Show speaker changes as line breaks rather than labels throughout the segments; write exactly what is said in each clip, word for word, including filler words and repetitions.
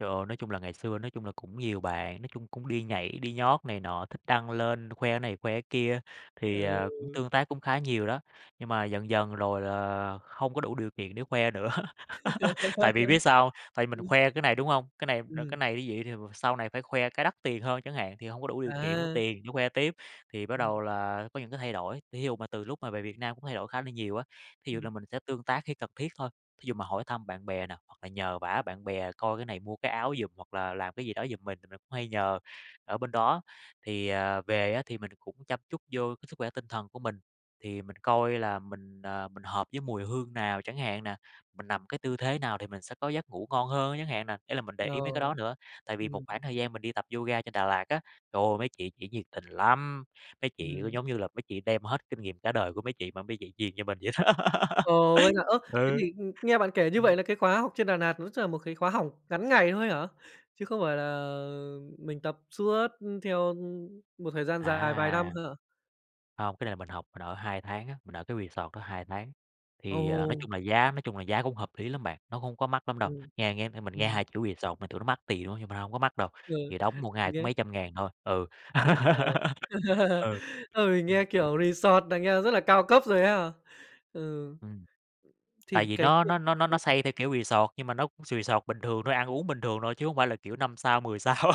Trời ơi, nói chung là ngày xưa nói chung là cũng nhiều bạn, nói chung cũng đi nhảy, đi nhót này nọ, thích đăng lên khoe cái này khoe cái kia, thì, ờ, cũng
Ừ.
tương tác cũng khá nhiều đó. Nhưng mà dần dần rồi là không có đủ điều kiện để khoe nữa, tại vì biết sao hông? Tại mình
Ừm.
khoe cái này, đúng hông? Cái này, ờ, cái
Ừm.
này như vậy thì sau này phải khoe cái đắt tiền hơn chẳng hạn, thì hông có đủ điều kiện, hông có
À.
tiền để khoe tiếp, thì bắt
Ừm.
đầu là có những cái thay đổi. Thí dụ mà từ lúc mà về Việt Nam cũng thay đổi khá là nhiều á, thí dụ
Ừm.
là mình sẽ tương tác khi cần thiết thôi, thí dụ mà hỏi thăm bạn bè nè, hoặc là nhờ vả bạn bè coi cái này mua cái áo giùm hoặc là làm cái gì đó giùm mình thì mình cũng hay nhờ ở bên đó. Thì, à, về á thì mình cũng chăm chút vô cái sức khỏe tinh thần của mình, thì mình coi là mình, à, mình hợp với mùi hương nào chẳng hạn nè, mình nằm cái tư thế nào thì mình sẽ có giấc ngủ ngon hơn chẳng hạn nè. Ý là mình để ý mấy cái
Ờ.
đó nữa, tại vì một
Ừm.
khoảng thời gian mình đi tập yoga trên Đà Lạt á, trời ơi, mấy chị chỉ nhiệt tình lắm, mấy chị cứ
Ừm.
giống như là mấy chị đem hết kinh nghiệm cả đời của mấy chị mà mấy chị truyền cho mình vậy đó,
Ồ, vậy hả? Ơ, thế
ừ.
thì, ừm, nghe bạn kể như
Ừm.
vậy là cái khóa học trên Đà Nạt nó chắc là một cái khóa học ngắn ngày thôi hả? Chứ không phải là mình tập suốt, ừm, theo, ừm, một thời gian dài vài năm
À!
hả?
Hông, cái này là mình học, mình ở hai tháng á, mình ở cái resort đó hai tháng. Thì, à, nói
Ồ!
chung là giá nói chung là giá cũng hợp lý lắm bạn, nó hông có mắc lắm đâu.
Ừm,
Nghe nghe thấy mình nghe
ừm.
hai chữ resort mình tưởng nó mắc tiền lắm, nhưng mà nó hông có mắc đâu,
Ừ,
thì đóng một ngày
mình
cũng
nghe.
mấy trăm ngàn thôi, ừ.
Ờ.
Ừ,
Ừ, mình
ừm.
nghe kiểu resort là nghe rất là cao cấp rồi ha. Ừ,
Ừm, tại
thì
vì
cái
nó
việc
nó nó nó nó
[unintelligible]
xây theo kiểu resort, nhưng mà nó sì sọt bình thường thôi, ăn uống bình thường thôi chứ hông phải là kiểu năm sao, mười sao.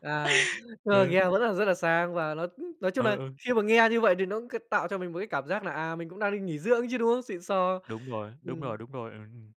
À, nhưng mà
Ừ.
nghe vẫn là rất là sang và nó cũng nói chung
Ừ,
nà
ừ.
khi mà nghe như vậy thì nó có tạo cho mình một cái cảm giác là, à, mình cũng đang đi nghỉ dưỡng chứ, đúng không? Xịn sò,
Đúng rồi, đúng rồi,
ừm.
đúng rồi. Ừm, ừm.